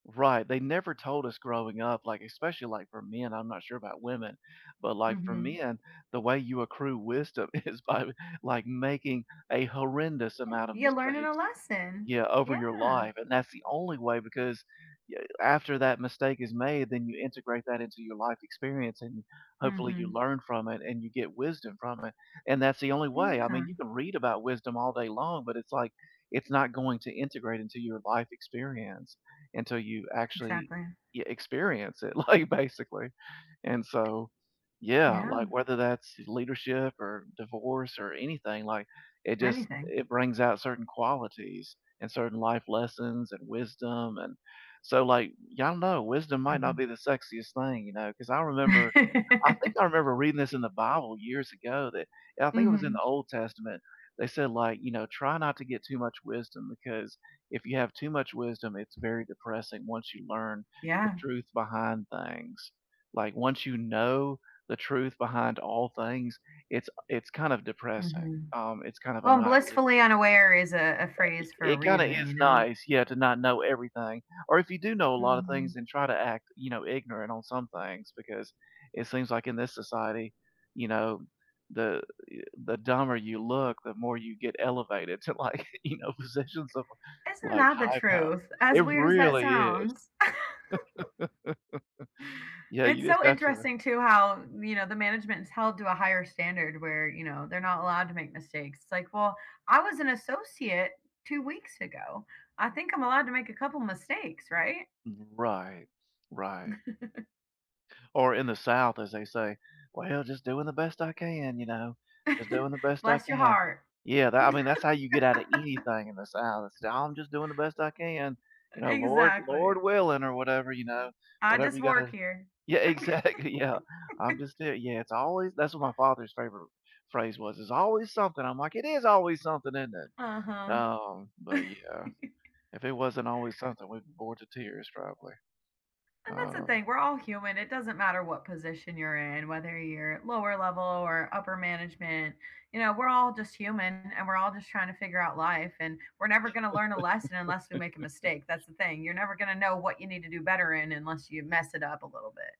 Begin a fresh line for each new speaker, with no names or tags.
Right, they never told us growing up, like, especially, like, for men, I'm not sure about women, but, like, for
Mhm.
men, the way you accrue wisdom is by, like, making a horrendous
Yeah,
amount of
you're learning a
mistakes,
lesson,
yeah, over your
yeah.
life, and that's the only way because, yeah, after that mistake is made, then you integrate that into your life experience and hopefully you
Mhm.
learn from it and you get wisdom from it and that's the only way. I mean, you
Yeah.
can read about wisdom all day long, but it's, like, it's not going to integrate into your life experience until you actually,
Exactly.
yeah, experience it, like, basically and so Yeah,
Yeah.
like, whether that's leadership or divorce or anything, like, it just
Anything.
it brings out certain qualities and certain life lessons and wisdom and So, like, y'all know wisdom might not
Mhm.
be the sexiest thing, you know, 'cause I remember I think I remember reading this in the Bible years ago that I think it was in the
Mhm.
Old Testament, they said, like, you know, try not to get too much wisdom because if you have too much wisdom, it's very depressing once you learn the
Yeah.
truth behind things, like, once you know the truth behind all things, it's a it's kind of depressing,
Mhm.
um, it's kind of a
Well, blissfully
nihilistic
unaware is a a
Uh, it
phrase for a
it kinda is
reason, you know?
nice, yeah, to not know everything, or if you do know a lotta things
Mhm.
and try to act, you know, ignorant on some things because it seems like in this society, you know, the, yu the dumber you look, the more you get elevated to, like, you know, positions of,
Isn't
like,
that the
high power.
truth, as
It
weird as that
really is.
sounds?
Yeah,
It's
you
so
just have to
interesting, too, how, you know, the management is held to a higher standard where, you know, they're not allowed to make mistakes. It's like, "Well, I was an associate 2 weeks ago. I think I'm allowed to make a couple mistakes, right?"
Right, right. Or in the South, as they say, "Well, just doing the best I can, you know, just doing the best I
Bless your
can."
heart.
Yeah, that I mean, that's how you get out of anything in the South. Say, "I'm just doing the best I can, you know,
E
Lord Lord
exactly.
willing," or whatever, you know,
I
whatever
just
you
work
gotta
here.
Yeah, exactly, yeah, I'm just there Yeah, it's always that's what my father's favorite phrase was, "it's always something," I'm like, "It is always something, isn't it?"
Uh-huh.
Um, but yeah, if it wasn't always something, we'd be bored to tears probably,
And that's the
um
thing, we're all human. It doesn't matter what position you're in, whether you're lower level or upper management, you know, we're all just human and we're all just tryna figure out life, and we're never gonna learn a lesson unless we make a mistake, that's the thing. You're never gonna know what you need to do better in unless you mess it up a little bit.